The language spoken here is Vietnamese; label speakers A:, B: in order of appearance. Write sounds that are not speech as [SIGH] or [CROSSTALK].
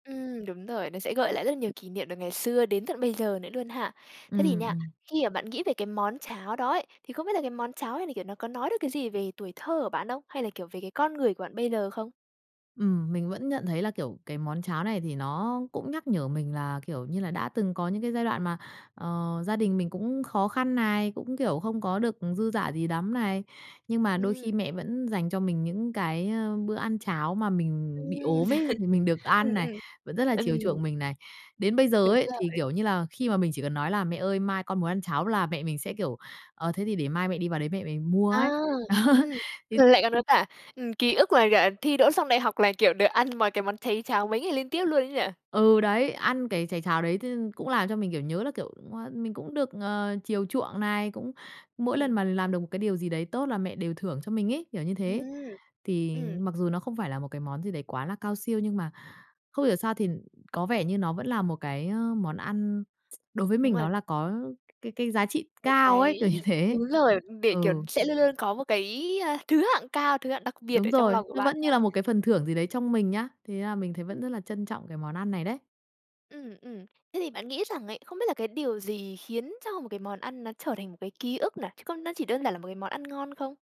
A: Ừm, đúng rồi, nó sẽ gợi lại rất là nhiều kỷ niệm từ ngày xưa đến tận bây giờ nữa luôn ha. Thế thì
B: Ừm,
A: nha,
B: ừm.
A: khi mà bạn nghĩ về cái món cháo đó ấy, thì không biết là cái món cháo này, kiểu, nó có nói được cái gì về tuổi thơ của bạn không? Hay là, kiểu, về cái con người của bạn bây giờ không?
B: Ừm, mình vẫn nhận thấy là, kiểu, cái món cháo này thì nó cũng nhắc nhở mình là, kiểu như là, đã từng có những cái giai đoạn mà, ờ, gia đình mình cũng khó khăn này, cũng, kiểu, không có được dư dả gì lắm này, nhưng mà đôi
A: Ừm.
B: khi mẹ vẫn dành cho mình những cái, ơ, bữa ăn cháo mà mình bị
A: Ừm.
B: ốm ấy, thì mình
A: [LAUGHS]
B: được
A: Ừm,
B: ăn này,
A: ừm,
B: vẫn rất là chiều
A: ừm.
B: chuộng mình này. Đến bây giờ
A: Đúng
B: ấy thì,
A: rồi.
B: kiểu như là, khi mà mình chỉ cần nói là "Mẹ ơi, mai con muốn ăn cháo." là mẹ mình sẽ, kiểu, "Ờ, thế thì để mai mẹ đi vào đấy mẹ mẹ mua
A: À,
B: ấy." Đó,
A: ừm,
B: thì
A: rồi lại còn có cả, ừm, ký ức là cả thi đỗ xong đại học là, kiểu, được ăn mon cái món cháy cháo mấy ngày liên tiếp luôn ấy nhỉ?
B: Ừ, đấy, ăn cái cháy cháo đấy t cũng làm cho mình, kiểu, nhớ là, kiểu, cũng, a, mình cũng được, ờ, chiều chuộng này, cũng mỗi lần
A: Ừm.
B: mà làm được một cái điều gì đấy tốt là mẹ đều thưởng cho mình ấy, kiểu như thế.
A: Ừm,
B: Thì
A: ừm.
B: mặc dù nó không phải là một cái món gì đấy quá là cao siêu nhưng mà không hiểu sao thì có vẻ như nó vẫn là một cái, ơ, món ăn [TSK] đối với
A: Đúng
B: mình nó
A: rồi.
B: là có cái cái giá trị
A: Một
B: cao ấy,
A: cái
B: kiểu như thế.
A: đúng rồi để, kiểu,
B: Ừ.
A: sẽ luôn luôn có một cái, a, thứ hạng cao, thứ hạng đặc biệt
B: Đúng
A: ở trong lòng
B: rồi,
A: của
B: nó
A: bạn
B: vẫn
A: mà.
B: như là một cái phần thưởng gì đấy trong mình nhá. Thế là mình thấy vẫn
A: Ưm.
B: rất là trân trọng cái món ăn này đấy.
A: Ừm, ừm, thế thì bạn nghĩ rằng ấy, không biết là cái điều gì khiến cho một cái món ăn nó trở thành một cái ký ức này, chứ có nó chỉ đơn giản là một cái món ăn ngon không?